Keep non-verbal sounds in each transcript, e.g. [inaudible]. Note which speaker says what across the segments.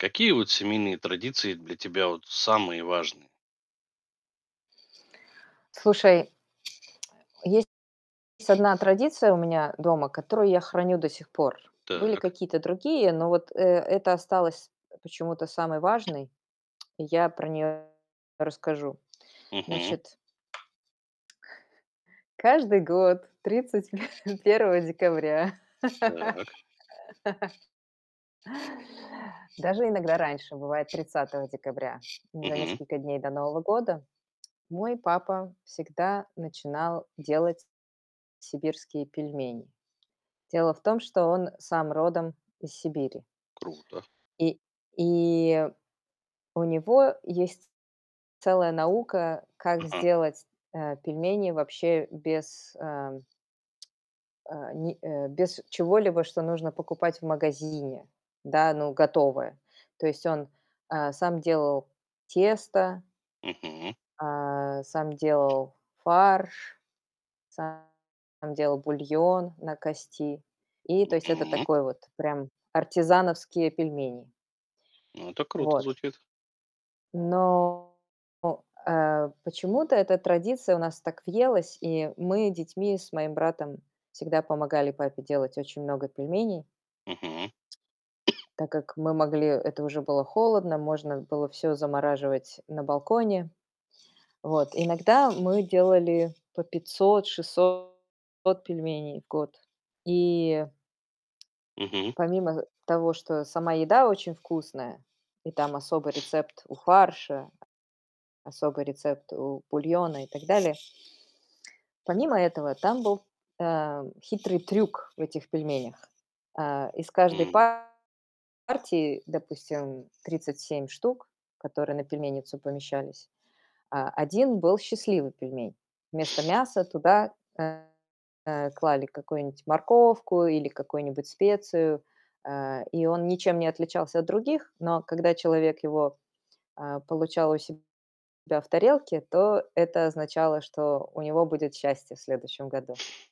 Speaker 1: Какие, вот, семейные традиции для тебя, вот, самые важные?
Speaker 2: Слушай, есть 1 традиция у меня дома, которую я храню до сих пор. Были
Speaker 1: Так.
Speaker 2: какие-то другие, но вот, э, эта осталась почему-то самой важной, и я про неё расскажу.
Speaker 1: Мгм.
Speaker 2: Значит [chuckles] Каждый год 31 декабря.
Speaker 1: Так.
Speaker 2: [laughs] Даже иногда раньше бывает, 30 декабря. За
Speaker 1: Мгм.
Speaker 2: несколько дней до Нового года мой папа всегда начинал делать сибирские пельмени. Дело в том, что он сам родом из Сибири.
Speaker 1: Круто.
Speaker 2: И и у него есть целая наука, как
Speaker 1: Ага.
Speaker 2: сделать, э, пельмени вообще без, э э, ни э, без чего-либо, что нужно покупать в магазине, да? Ну, готовое. То есть он, э, сам делал тесто
Speaker 1: Мгм.
Speaker 2: э, сам делал фарш, сам делал бульон на кости. И, то есть, это
Speaker 1: Мгм.
Speaker 2: такой вот прям артизановские пельмени.
Speaker 1: Ну, это круто
Speaker 2: Вот.
Speaker 1: звучит.
Speaker 2: Но, о э, почему-то эта традиция у нас так въелась, и мы детьми с моим братом всегда помогали папе делать очень много пельменей.
Speaker 1: Мгм. [coughs]
Speaker 2: Так как мы могли это уже было холодно, можно было всё замораживать на балконе. Вот. Иногда мы делали по 500- 600 пельменей в год. И
Speaker 1: Мгм.
Speaker 2: помимо того, что сама еда очень вкусная и там особый
Speaker 1: [sniffs]
Speaker 2: рецепт у фарша Особый рецепт у бульона и так далее. Помимо этого, там был, э, хитрый трюк в этих пельменях. Э, из каждой
Speaker 1: М.
Speaker 2: партии, допустим, 37 штук, которые на пельменницу помещались, э, 1 был счастливый пельмень. Вместо
Speaker 1: [sniffs]
Speaker 2: мяса туда, э, э, клали какую-нибудь морковку или какую-нибудь специю, э, и он ничем не отличался от других. Но когда человек его, э, получал у себя в тарелке, то это означало, что у него будет счастье в следующем году.
Speaker 1: [sniffs]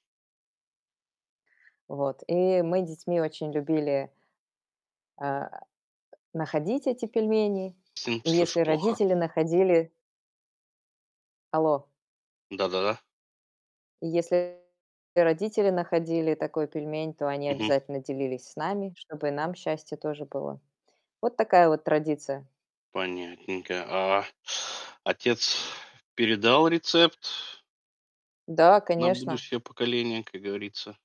Speaker 2: Вот. И мы детьми очень любили э, находить эти пельмени.
Speaker 1: Сын?
Speaker 2: И
Speaker 1: Слышу
Speaker 2: если
Speaker 1: плохо.
Speaker 2: родители находили Алло?
Speaker 1: Да-да-да.
Speaker 2: И если и родители находили такой пельмень, то они
Speaker 1: Мгм.
Speaker 2: обязательно делились с нами, чтобы и нам счастье тоже было. Вот такая вот традиция.
Speaker 1: Понятненько. А, а отец передал рецепт
Speaker 2: Да,
Speaker 1: на
Speaker 2: конечно.
Speaker 1: будущее поколение, как говорится?